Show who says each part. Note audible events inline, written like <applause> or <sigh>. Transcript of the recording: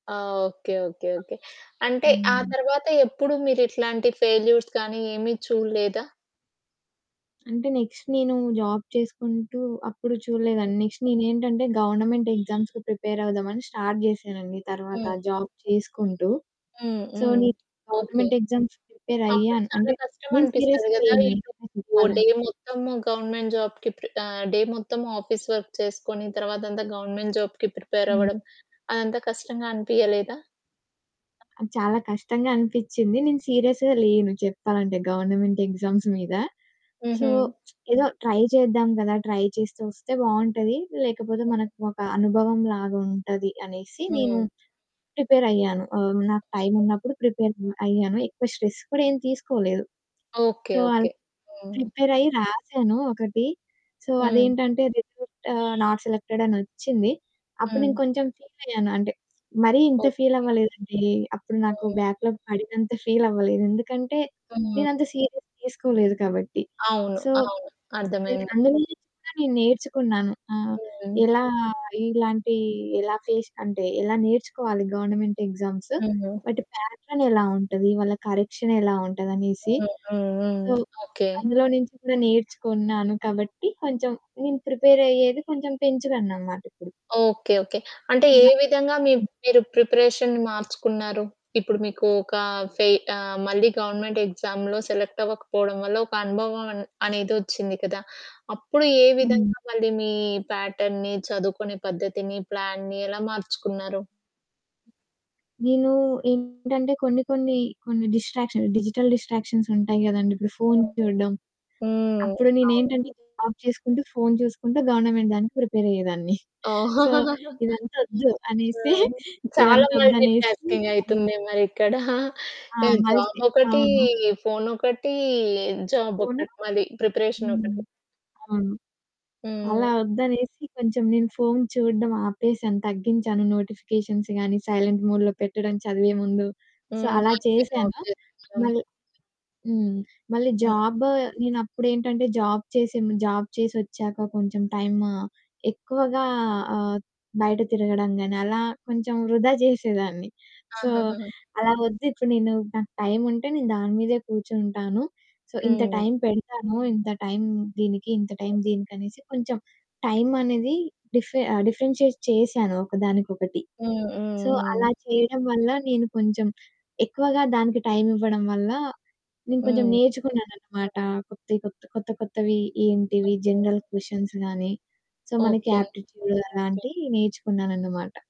Speaker 1: ఆ! Okay. Okay. Okay. అంటే ఆ
Speaker 2: హ్మ్.
Speaker 1: తరువాత ఎప్పుడు మీరు ఇట్లాంటి ఫెయిల్యూర్స్ గాని, ఏమి చూడలేదా?
Speaker 2: అంటే నెక్స్ట్ నేను జాబ్ చేసుకుంటూ అప్పుడు
Speaker 1: హ్మ్.
Speaker 2: చూడలేదండి. నెక్స్ట్ నేనేంటంటే గవర్నమెంట్ ఎగ్జామ్స్‌కి ప్రిపేరవుదామని స్టార్ట్ చేశానండి. తరువాత
Speaker 1: హ్మ్.
Speaker 2: జాబ్ చేసుకుంటూ.
Speaker 1: హ్మ్.
Speaker 2: సో,
Speaker 1: హ్మ్.
Speaker 2: నేను
Speaker 1: ఓకే.
Speaker 2: గవర్నమెంట్ ఎగ్జామ్స్‌కి
Speaker 1: అప్పుడు
Speaker 2: ప్రిపేరయ్యాను.
Speaker 1: చాలా
Speaker 2: అంటే నేను
Speaker 1: కష్టమనిపిస్తది
Speaker 2: సీరియస్‌గా
Speaker 1: కదా!
Speaker 2: లేను
Speaker 1: ఇటు
Speaker 2: నిజం
Speaker 1: ఓ డే
Speaker 2: చెప్పాలంటే.
Speaker 1: మొత్తము గవర్నమెంట్ జాబ్‌కి ప్రిపె ఆహ్, డే మొత్తము ఆఫీస్ వర్క్ చేసుకొని తరువాతంతా గవర్నమెంట్ జాబ్‌కి
Speaker 2: హ్మ్.
Speaker 1: ప్రిపేరవ్వడం అదంతా కష్టంగా అనిపియలేదా?
Speaker 2: ఆహ్, చాలా కష్టంగా అనిపించింది. నేను సీరియస్‌గా లేను చెప్పాలంటే గవర్నమెంట్ ఎగ్జామ్స్ మీద. సో,
Speaker 1: హుహు.
Speaker 2: <smacks lips> ఏదో ట్రై చేద్దాం కదా! ట్రై చేస్తే, ఒస్తే బావుంటది. లేకపోతే
Speaker 1: హ్మ్.
Speaker 2: మనకు ఒక అనుభవం లాగుంటది అనేసి నేను
Speaker 1: హ్మ్.
Speaker 2: ప్రిపేరయ్యాను. ఆహ్, నాకు
Speaker 1: హ్మ్.
Speaker 2: టైమున్నప్పుడు ప్రిపేరయ్యాను. ఎక్కువ స్ట్రెస్ కూడా ఏం తీసుకోలేదు.
Speaker 1: ఓకే
Speaker 2: సో, అల్
Speaker 1: ఓకే. హ్మ్.
Speaker 2: ప్రిపేరయ్యి రాసాను ఒకటి. సో,
Speaker 1: హ్మ్.
Speaker 2: అదేంటంటే రిజల్టు ఆహ్, నాట్ సెలెక్టెడ్ అనొచ్చింది. అప్పుడు నేను
Speaker 1: హ్మ్.
Speaker 2: కొంచెం ఫీలయ్యాను. అంటే <smacks lips> మరి ఇంత
Speaker 1: ఓకే.
Speaker 2: ఫీలవ్వలేదండి. అప్పుడు నాకు
Speaker 1: హ్మ్.
Speaker 2: బ్యాక్‌లాగ్ పడినంత ఫీలవ్వలేదు. ఎందుకంటే
Speaker 1: హ్మ్.
Speaker 2: నేనంత సీరియస్‌గా తీసుకోలేదు కాబట్టి.
Speaker 1: అవును.
Speaker 2: సో,
Speaker 1: అవును.
Speaker 2: సరే
Speaker 1: అర్థమైంది.
Speaker 2: అందులో నుంచి కూడా నేను నేర్చుకున్నాను. ఆహ్,
Speaker 1: హ్మ్.
Speaker 2: ఎలా ఇలాంటి ఎలా ఫేస్ అంటే ఎలా నేర్చుకోవాలి గవర్నమెంట్ ఎగ్జామ్సు.
Speaker 1: హ్మ్.
Speaker 2: వాటి ప్యాటర్న్ ఎలా ఉంటది, వాళ్ళ కరెక్షనేలా ఉంటదనేసి.
Speaker 1: Hmm. Hmm. Hmm.
Speaker 2: So,
Speaker 1: okay.
Speaker 2: అందులో నుంచి కూడా నేర్చుకున్నాను కాబట్టి కొంచెం నేను ప్రిపేరయ్యేది కొంచెం పెంచుకున్ననమాటిప్పుడు.
Speaker 1: Okay okay. అంటే ఏ
Speaker 2: <unintelligible>
Speaker 1: విధంగా మీ
Speaker 2: హ్మ్.
Speaker 1: మీరు ప్రిపరేషన్‌ని మార్చుకున్నారు? ఇప్పుడు మీకు ఒక ఫే ఆహ్, మళ్ళీ గవర్నమెంట్ ఎగ్జామ్స్‌‌లో సెలెక్ట్ అవ్వకపోవడం వల్ల ఒక అనుభవం అన్ అనేదొచ్చింది కదా! అప్పుడు ఏ
Speaker 2: హ్మ్.
Speaker 1: విధంగా మళ్ళీ మీ ప్యాటర్న్‌ని, చదువుకునే పద్ధతిని, ప్లాన్‌ని ఎలా మార్చుకున్నారు?
Speaker 2: నేను ఏంటంటే కొన్ని, కొన్ని కొన్ని డిస్ట్రాక్షన్స్, డిజిటల్ డిస్ట్రాక్షన్స్ ఉంటాయి కదండీ! ఇప్పుడు ఫోను
Speaker 1: హ్మ్.
Speaker 2: చూడడం.
Speaker 1: హ్మ్.
Speaker 2: అప్పుడు
Speaker 1: అవును.
Speaker 2: నేనేంటంటే జాబ్ చేసుకుంటూ, ఫోను చూసుకుంటూ గవర్నమెంట్ దానికి ప్రిపేరయ్యేదాన్ని. సో,
Speaker 1: <chuckles>
Speaker 2: ఇదంతా ఓద్దు
Speaker 1: ఆ!
Speaker 2: అనేసి <giggles>
Speaker 1: చాలా
Speaker 2: ఇదంతా
Speaker 1: మల్టీ
Speaker 2: ఓద్దనేసి హ్మ్.
Speaker 1: టాస్కింగైతుంది మరిక్కడ. <chuckles>
Speaker 2: ఆ!
Speaker 1: ఈ
Speaker 2: మల్సి
Speaker 1: జాబోకటి,
Speaker 2: అవును.
Speaker 1: ఫోనోకటి,
Speaker 2: ఫోను
Speaker 1: జాబోకటి మళ్ళీ,
Speaker 2: హ్మ్.
Speaker 1: ప్రిపరేషనోకటి.
Speaker 2: అవును.
Speaker 1: హ్మ్.
Speaker 2: అలా వద్దనేసి కొంచెం నేను ఫోను చూడడం ఆపేశాను, తగ్గించాను నోటిఫికేషన్స్ గాని, సైలెంట్ మోడ్‌లో పెట్టడం చదివే ముందు. సో,
Speaker 1: హ్మ్.
Speaker 2: అలా చేశాను.
Speaker 1: <unintelligible>
Speaker 2: మళ్ళీ హ్మ్. మళ్ళీ
Speaker 1: హ్మ్.
Speaker 2: జాబు నేనప్పుడేంటంటే జాబ్ చేసేను జాబ్ చేసొచ్చాక కొంచెం టైము ఎక్కువగా ఆహ్, బయట తిరగడం గాని అలా కొంచెం వృధా చేసేదాన్ని. సో,
Speaker 1: ఆహాహాహా!
Speaker 2: అలా వద్దు, ఇప్పుడు నేను నాకు టైముంటే, నేను దాని మీదే కూర్చుంటాను. సో, ఇంత
Speaker 1: హ్మ్.
Speaker 2: టైం పెడతాను, ఇంత టైం దీనికి, ఇంత టైం
Speaker 1: హ్మ్.
Speaker 2: దీనికి అనేసి కొంచెం టైమనేది డిఫ్ డిఫరెన్షియేట్ చేశాను ఒకదానికొకటి.
Speaker 1: హ్మ్.
Speaker 2: సో, అలా
Speaker 1: హుహుహు.
Speaker 2: చేయడం వల్ల నేను కొంచెం ఎక్కువగా దానికి టైమివ్వడం వల్ల నేను కొంచెం
Speaker 1: హ్మ్.
Speaker 2: నేర్చుకున్నానన్నమాట. కొత్తే కొత్త, కొత్త కొత్తవి ఏంటివి
Speaker 1: అంతే.
Speaker 2: జనరల్ క్వెషన్స్ గాని. సో, మనకి
Speaker 1: ఓకే.
Speaker 2: యాప్టిట్యూడ్ అలాంటివి నేర్చుకున్నానన్నమాట.